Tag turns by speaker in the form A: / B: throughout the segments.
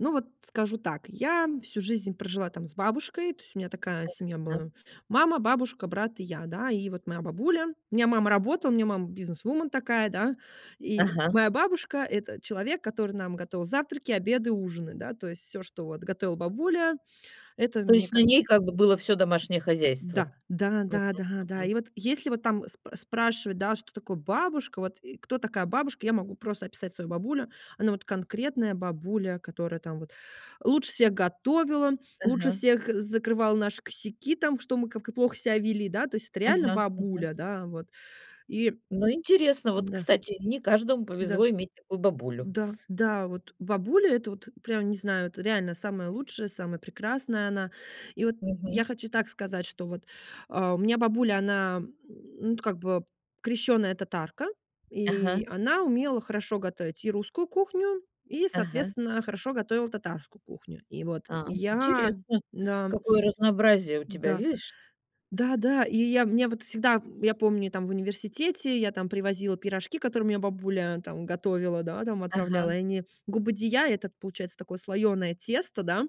A: Ну вот скажу так, я всю жизнь прожила там с бабушкой, то есть у меня такая семья
B: Мгм.
A: была мама, бабушка, брат и я, да, и вот моя бабуля у меня мама работала, у меня мама бизнесвумен такая, да, и
B: Ага.
A: моя бабушка это человек, который нам готовил завтраки, обеды, ужины, да, то есть всё, что вот готовила бабуля, это
B: То
A: мне
B: есть на
A: ка
B: ней как бы было всё домашнее хозяйство?
A: Да, да,
B: Мгм,
A: да, да, да,
B: мгм.
A: и вот если вот там сп спрашивать, что такое бабушка, вот, э, кто такая бабушка, я могу просто описать свою бабулю, она вот конкретная бабуля, которая там вот лучше всех готовила, лучше
B: Ага.
A: всех закрывала наши косяки, там, что мы как-то плохо себя вели, да, то есть это реально
B: Ага, ага.
A: бабуля, да, вот, и
B: Ну, интересно. Вот,
A: М-да.
B: кстати, не каждому
A: Да.
B: повезло иметь такую бабулю.
A: Да, да вот бабуля это вот прям не знаю это реально самая лучшая самая прекрасная она. И вот я
B: Мгм.
A: хочу так сказать что вот, а, у меня бабуля она, м, ну как бы крещёная татарка и
B: Ага.
A: она умела хорошо готовить и русскую кухню, и,
B: Ага.
A: соответственно, хорошо готовила татарскую кухню. И вот
B: А,
A: я
B: интересно,
A: да.
B: какое разнообразие у тебя,
A: Да.
B: видишь!
A: Да, да, и я, мне вот всегда, м, я помню, и там в университете я там привозила пирожки, которые у меня бабуля там готовила, да, там,
B: Ага.
A: отправляла и они. Губадия- этот получается такое слоеное тесто, да.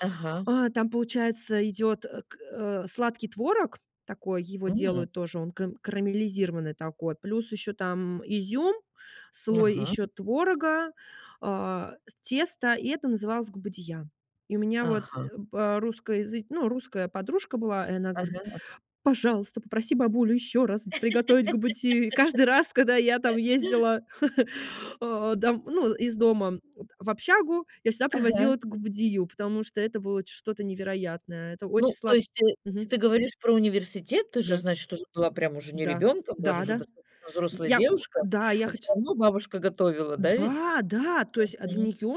B: Ага.
A: А там получается идет, э, к э, сладкий творог такой, его
B: М.
A: делают тоже, он кам карамелизированный такой, плюс ещё там изюм, слой
B: Ага.
A: ещё творога, а, тесто, и это называлось губадия. И у меня вот, э,
B: Ага.
A: по русско-языч ну, русская подружка была, и она говорит:
B: Ага, ага.
A: "Пожалуйста, попроси бабулю ещё раз с приготовить губадию". И каждый раз, когда я там ездила, а, дом ну из дома вот в общагу, я всегда привозила
B: Ага.
A: это губадию, потому что это было ч что-то невероятное. Это очень
B: Ну, то
A: слад
B: есть, э, если
A: Мгм.
B: ты говоришь про университет, ты же,
A: Да.
B: значит, уже была прям уже не
A: Да,
B: ребёнком, даже
A: да,
B: уже
A: да.
B: достаточно взрослая
A: Я в
B: девушка,
A: да, я
B: а всё
A: хочу с
B: равно бабушка готовила, да, ведь?
A: Да, да, то есть, а для
B: Мгм.
A: нее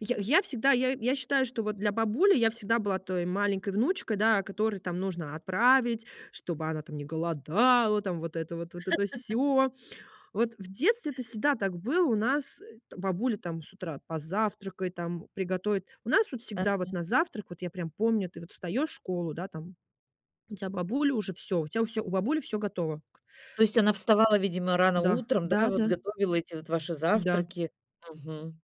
A: я я всегда я я считаю, что вот для бабули я всегда была той маленькой внучкой, да, а которой там нужно отправить чтобы она там не голодала там вот это вот вот это всё. Вот в детстве это всегда так было у нас, э, бабуля там с утра позавтракай там, приготовит. У нас вот всегда вот
B: Ага.
A: на завтрак вот я прям помню ты вот встаешь в школу, да, там, у тебя бабуля уже всё у тебя всё у бабули всё готово.
B: То есть
A: Э.
B: она вставала, видимо, рано
A: Да,
B: утром, да,
A: да
B: вот
A: да.
B: готовила эти вот ваши
A: Да.
B: завтраки? Мгм.